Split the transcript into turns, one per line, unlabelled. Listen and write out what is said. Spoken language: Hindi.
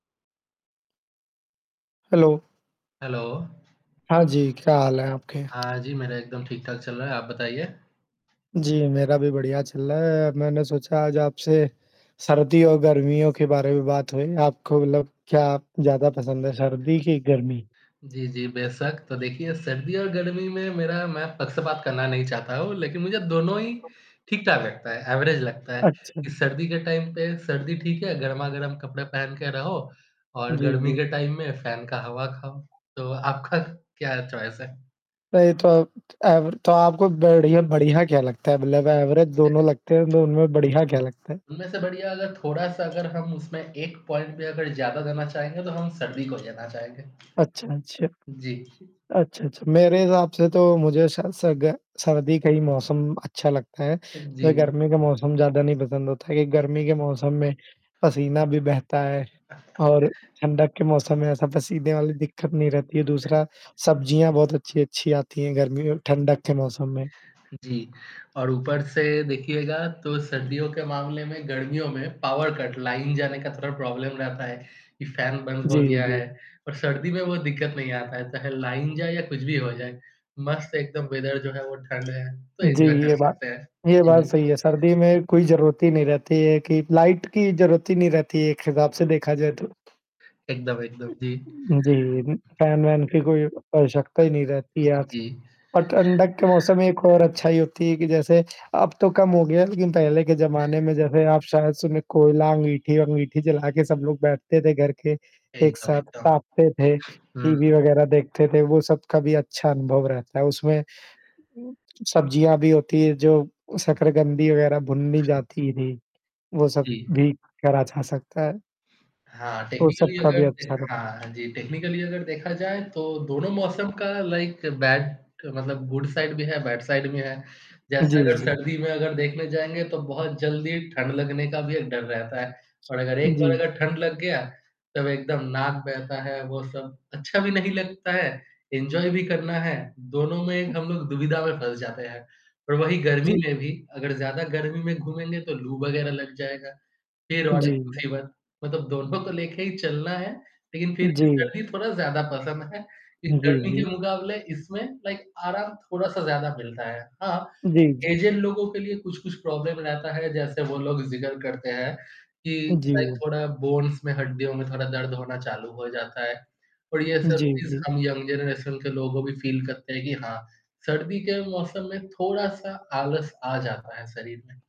हेलो।
हेलो।
हाँ जी, क्या हाल है आपके?
हाँ, जी, मेरा एकदम ठीक-ठाक चल रहा है, आप बताइए?
जी, मेरा भी बढ़िया चल रहा है। मैंने सोचा आज आपसे सर्दियों और गर्मियों के बारे में बात होए। आपको मतलब क्या आप ज़्यादा पसंद है सर्दी की गर्मी?
जी, जी। बेशक, तो देखिए सर्दी और गर्मी में मेरा मैं पक्षपात करना नहीं चाहता हूँ, लेकिन मुझे दोनों ही ठीक-ठाक लगता है, एवरेज लगता है
अच्छा।
कि सर्दी के टाइम पे सर्दी ठीक है, गरमा-गरम कपड़े पहन के रहो। और
जी,
गर्मी
जी।
के टाइम में फैन का हवा खाओ। तो आपका क्या चॉइस है?
नहीं तो एवरे तो आपको बड़ीय बढ़िया क्या लगता है? मतलब एवरेज दोनों लगते हैं, और दोनों में बढ़िया क्या लगता है?
उनमें से बढ़िया अगर थोड़ा-सा अगर हम उसमें एक पॉइंट भी अगर ज़्यादा देना चाहेंगे तो हम सर्दी को जेना चाहेंगे।
अच्छा, अच्छा।
जी।
अच्छा, अच्छा मेरे हिसाब से तो मुझे शायद सर स ग सर्दी का ही मौसम अच्छा लगता है। जो
जी।
गर्मी का मौसम ज़्यादा नहीं पसंद होता है क्योंकि गर्मी के मौसम में पसीना भी बहता है और ठंडक के मौसम में ऐसा पसीने वाली दिक्कत नहीं रहती है। दूसरा सब्जियाँ बहुत अच्छी-अच्छी आती हैं, गर्मी और ठंडक के मौसम में।
जी, और ऊपर से देखिएगा तो सर्दियों के मामले में गर्मियों में पावर कट लाइन जाने का थोड़ा प्रॉब्लम रहता है कि फैन बंद
जी,
हो गया
जी।
है और सर्दी में वो दिक्कत नहीं आता है चाहे लाइन जाए या कुछ भी हो जाए। मस्त एकदम वेदर जो है वो ठंड है तो
जी,
एन्जॉय कर
ये बात
सकते हैं।
ये बात
जी।
सही है, सर्दी में कोई ज़रूरत ही नहीं रहती है कि लाइट की ज़रूरत ही नहीं रहती है एक हिसाब से देखा जाए तो।
एकदम, एकदम। जी।
जी, उम, फ़ैन -वैन की कोई आवश्यकता ही नहीं रहती है आज।
जी।
और ठंडक के मौसम में एक और अच्छाई होती है कि जैसे अब तो कम हो गया है लेकिन पहले के ज़माने में जैसे आप शायद सुने कोयला, अंगूठी-वंगूठी जला के सब लोग बैठते थे घर के एक
एकदम,
साथ
एकदम।
ताप्ते थे,
हुँ।
टीवी वगैरह देखते थे वो सब कभी अच्छा अनुभव रहता है। उसमें सब्ज़ियाँ भी होती हैं जो शकरकंधी वग़ैरह भुननी जाती थी। वो सब
जी।
भी करा जा सकता है।
हाँ,
तो सब
टेक्निकली
का
अगर
भी
देख
अच्छा लो।
हाँ, हाँ जी। टेक्निकली अगर देखा जाए तो दोनों मौसम का लाइक बैड मतलब गुड साइड भी है, बैड साइड भी है। जैसे
जी,
अगर
जी।
सर्दी में अगर देखने जाएँगे तो बहुत जल्दी ठंड लगने का भी एक डर रहता है और अगर एक बार
जी।
अगर ठंड लग गया सब एकदम नाक बहता है, वो सब अच्छा भी नहीं लगता है। एन्जॉय भी करना है, दोनों में एक हम लोग दुविधा में फँस जाते हैं। पर वही गर्मी
जी।
में भी अगर ज़्यादा गर्मी में घूमेंगे तो लू वगैरह लग जाएगा। फिर और एक
जी।
मुसीबत। मतलब दोनों को लेके ही चलना है लेकिन फिर भी
जी।
सर्दी थोड़ा ज़्यादा पसंद है क्योंकि
जी,
गर्मी के
जी।
मुकाबले इसमें लाइक आराम थोड़ा-सा ज़्यादा मिलता है। हाँ।
जी, जी।
ऐज़ड लोगों के लिए कुछ-कुछ प्रॉब्लम रहता है जैसे वो लोग ज़िक्र करते हैं कि लाइक
जी।
थोड़ा बोन्स में हड्डियों में थोड़ा दर्द होना चालू हो जाता है। पर ये सब
जी,
चीज़
जी।
हम यंग जनरेशन के लोगों भी फ़ील करते हैं कि हाँ सर्दी के मौसम में थोड़ा-सा आलस आ जाता है, शरीर में।